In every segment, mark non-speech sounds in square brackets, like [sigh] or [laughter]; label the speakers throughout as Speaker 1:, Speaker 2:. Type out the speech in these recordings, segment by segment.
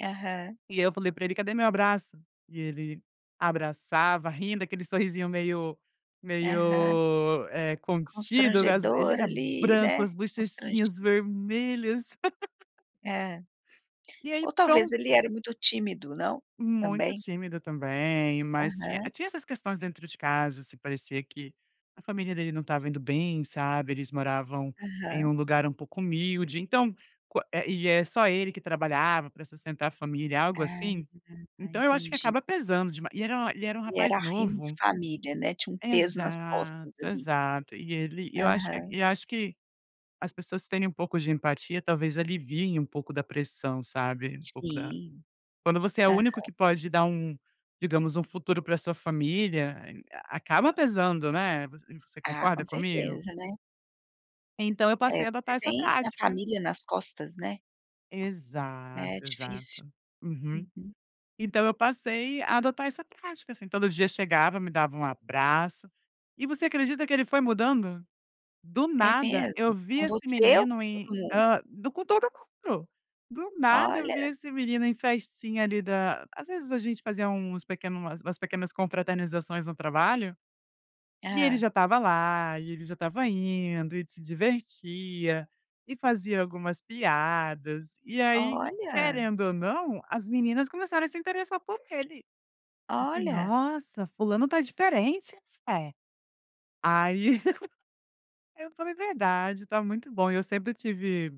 Speaker 1: Aham.
Speaker 2: E aí eu falei pra ele: "Cadê meu abraço?" E ele abraçava rindo, daquele sorrisinho meio
Speaker 1: Aham.
Speaker 2: meio contido, eh, ele
Speaker 1: Constrangedor
Speaker 2: era
Speaker 1: ali,
Speaker 2: branco,
Speaker 1: né,
Speaker 2: as
Speaker 1: constrang
Speaker 2: bochechinhas vermelhas. [laughs]
Speaker 1: É,
Speaker 2: E aí
Speaker 1: ou talvez ele
Speaker 2: pronto.
Speaker 1: era muito tímido, não?
Speaker 2: Muito
Speaker 1: Também.
Speaker 2: tímida também, mas tinha
Speaker 1: Aham.
Speaker 2: tinha essas questões dentro de casa, se parecia que a família dele não estava indo bem, sabe, eles moravam em
Speaker 1: Aham.
Speaker 2: um lugar um pouco humilde, então, e é só ele que trabalhava pra sustentar a família, algo
Speaker 1: Ah
Speaker 2: assim,
Speaker 1: [unintelligible]
Speaker 2: então eu acho que
Speaker 1: entendi.
Speaker 2: acaba pesando demais, e era ele era um
Speaker 1: Ele
Speaker 2: rapaz
Speaker 1: era reino de
Speaker 2: novo.
Speaker 1: família, né, tinha um peso nas
Speaker 2: Exato,
Speaker 1: costas ali.
Speaker 2: exato e ele eu acho que
Speaker 1: Aham.
Speaker 2: e acho que as pessoas terem um pouco de empatia talvez aliviem um pouco da pressão, sabe, um pouco da
Speaker 1: Sim,
Speaker 2: quando você é o único que
Speaker 1: aham.
Speaker 2: pode dar um, digamos, um futuro pra sua família, acaba pesando, né, você
Speaker 1: Ah, com
Speaker 2: concorda comigo?
Speaker 1: certeza, né.
Speaker 2: Então eu
Speaker 1: É,
Speaker 2: passei a
Speaker 1: você
Speaker 2: adotar essa
Speaker 1: tem a
Speaker 2: prática.
Speaker 1: família nas costas, né. Né, é
Speaker 2: Exato,
Speaker 1: difícil.
Speaker 2: exato. Uhum.
Speaker 1: Uhum.
Speaker 2: Então eu passei a adotar essa prática, assim, todo dia chegava, me dava um abraço e você acredita que ele foi mudando, do
Speaker 1: É
Speaker 2: nada, eu
Speaker 1: mesmo?
Speaker 2: vi
Speaker 1: Com
Speaker 2: esse
Speaker 1: você ou
Speaker 2: menino
Speaker 1: com
Speaker 2: em,
Speaker 1: todo mundo?
Speaker 2: hã, do todo mundo, do nada eu vi
Speaker 1: Olha.
Speaker 2: esse menino em festinha ali da às vezes a gente fazia uns pequeno umas pequenas confraternizações no trabalho, e ele
Speaker 1: Hã.
Speaker 2: já estava lá e ele já estava indo e se divertia, e fazia algumas piadas, e aí
Speaker 1: Olha.
Speaker 2: querendo ou não, as meninas começaram a se interessar por ele. Assim:
Speaker 1: Olha.
Speaker 2: "Nossa, fulano está diferente", eh, aí, [laughs] eu falei: "Verdade, tá muito bom", e eu sempre tive,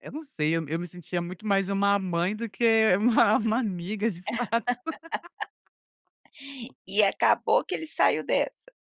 Speaker 2: eu não sei, me sentia muito mais uma mãe do que uma uma amiga de fato.
Speaker 1: [laughs]
Speaker 2: [laughs]
Speaker 1: E acabou que ele saiu dessa.